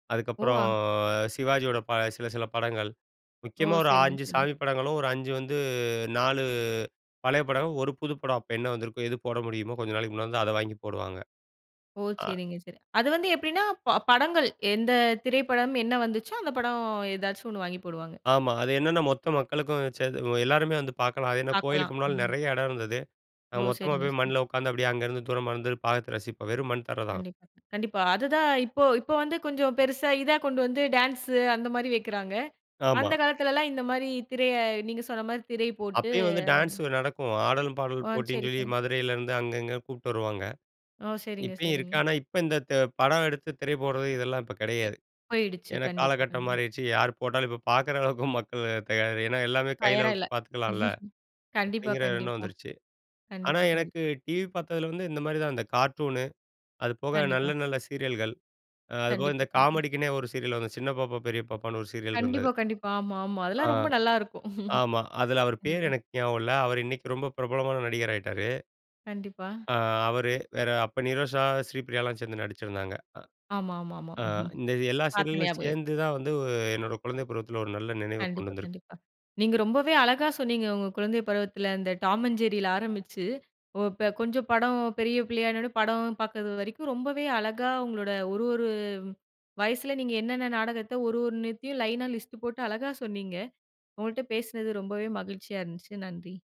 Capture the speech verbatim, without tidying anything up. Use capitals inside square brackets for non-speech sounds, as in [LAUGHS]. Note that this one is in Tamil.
ஓ! அதுக்கப்பறம் அ சிவாஜியோட ப சில சில படங்கள், ஓ! முக்கியமா ஒரு சரிங்க அஞ்சு சரிங்க. சாமி படங்களும் ஒரு அஞ்சு வந்து நாலு பழைய படம், ஒரு புது படம், அப்போ என்ன வந்துருக்கோ, எது போட முடியுமோ, கொஞ்ச நாளைக்கு முன்னால வந்த அத வாங்கி போடுவாங்க. ஓ! ஆ சரிங்க சரி. அது வந்து எப்டின்னா ப படங்கள் எந்த திரைப்படம் என்ன வந்துச்சோ, அந்த படம் ஏதாச்சும் ஒண்ணு வாங்கி போடுவாங்க. ஆமா, அது என்னான்னா, மொத்த மக்களுக்கும் சேந்து எல்லாருமே வந்து பாக்கலாம். அது ஏன்னா பாக்கலாம். கோயிலுக்கு முன்னாடி ம். நெறையா இடம் இருந்துது. ஓ! நாங்க மொத்தமா சரிங்க போயி சரிங்க. மண்ணுல உக்காந்து அப்படியே அங்கேருந்து, தூரமா இருந்து பாத்து ரசிப்போம், வெறும் மண் தர தான். கண்டிப்பா. கண்டிப்பா. அதுதான் இப்போ இப்போ வந்து கொஞ்சம் பெருசா இதா கொண்டு வந்து, டான்ஸு அந்த மாரி வைக்கிறாங்க. ஆமா. அந்த காலத்துலலாம் இந்த மாரி திரைய நீங்க சொன்ன மாரி திரை போட்டு அப்பயும் வந்து டான்ஸு அதன நடக்கும். ஆடலும் ஆ பாடலும் போட்டின்னு சரி சொல்லி சரி. மதுரைலேருந்து அங்க இங்க கூப்புட்டு வருவாங்க. ஓ! சரிங்க இப்பயும் இருக்கு, சரிங்க. ஆனா இப்ப இந்த த்த படம் எடுத்து திரை போடுறது, இதெல்லாம் இப்ப அ கிடையாது. போயிடுச்சு. ஏன்னா கண்டிப்பா காலகட்டம் கண்டி மாறிடுச்சு. யார் போட்டாலும் இப்ப பாக்குற அளவுக்கு மக்கள் தயார் ஏன்னா எல்லாமே கையில ஃபயரா இல்ல. பாத்துக்கலாம்ல! [LAUGHS] கண்டிப்பா அப்படிங்கிற எண்ணம் கண்டிப்பா. வந்துருச்சு. ஆனா கண்டிப்பா எனக்கு கண்டிப்பா. டிவி பாத்ததில வந்து இந்த மாதிரி தான், இந்த கார்ட்டூனு, அது போக நல்ல கண்டிப்பா. நல்ல சீரியல்கள், அ அது போக கண்டிப்பா இந்த கண்டிப்பா. காமெடிக்குன்னே ஒரு சீரியல் வந்து "சின்ன பாப்பா பெரிய பாப்பான்னு" ஒரு சீரியல் இருந்தது கண்டிப்பா கண்டிப்பா, ஆமா ஆமா. அ அதெல்லாம் ரொம்ப நல்லா இருக்கும். ஆமா. அதுல [LAUGHS] அவரு பேரு கண்டிப்பா. எனக்கு ஞாபகம் இல்ல அவரு இன்னைக்கு ரொம்ப பிரபலமான நடிகராயிட்டாரு. கண்டிப்பா. அ அவரு, வேற அப்ப நிரோஷா, ஸ்ரீபிரியா எல்லாம் சேந்து நடிச்சிருந்தாங்க. அ ஆமா ஆமா ஆமா. அ [CHUCKLES] இந்த எல்லா பாத்த சீரியலும் ஞாபகம் இருக்கு. சேந்து தான் வந்து, என்னோட குழந்தை பருவத்தில ஒரு நல்ல நினைவ கொண்டு கண்டிப்பா வந்திருக்கு. கண்டிப்பா. நீங்க ரொம்பவே அழகா சொன்னீங்க. உங்க குழந்தை பருவத்துல இந்த டாம் அண்ட் ஜெர்ரியில ஆரம்பிச்சு, ஓ இப்ப கொஞ்சம் படம் பெரிய பிள்ளையான உடனே படம் பாக்குறது வரைக்கும், ரொம்பவே அழகா, உங்களோட ஒரு ஒரு வயசுல நீங்க என்னென்ன நாடகத்தை, ஒரு ஒரு நேரத்தையும் லைனா லிஸ்ட்டு போட்டு அழகா சொன்னீங்க. உங்கள்ட்ட பேசுனது ரொம்பவே மகிழ்ச்சியா இருந்துச்சு நன்றி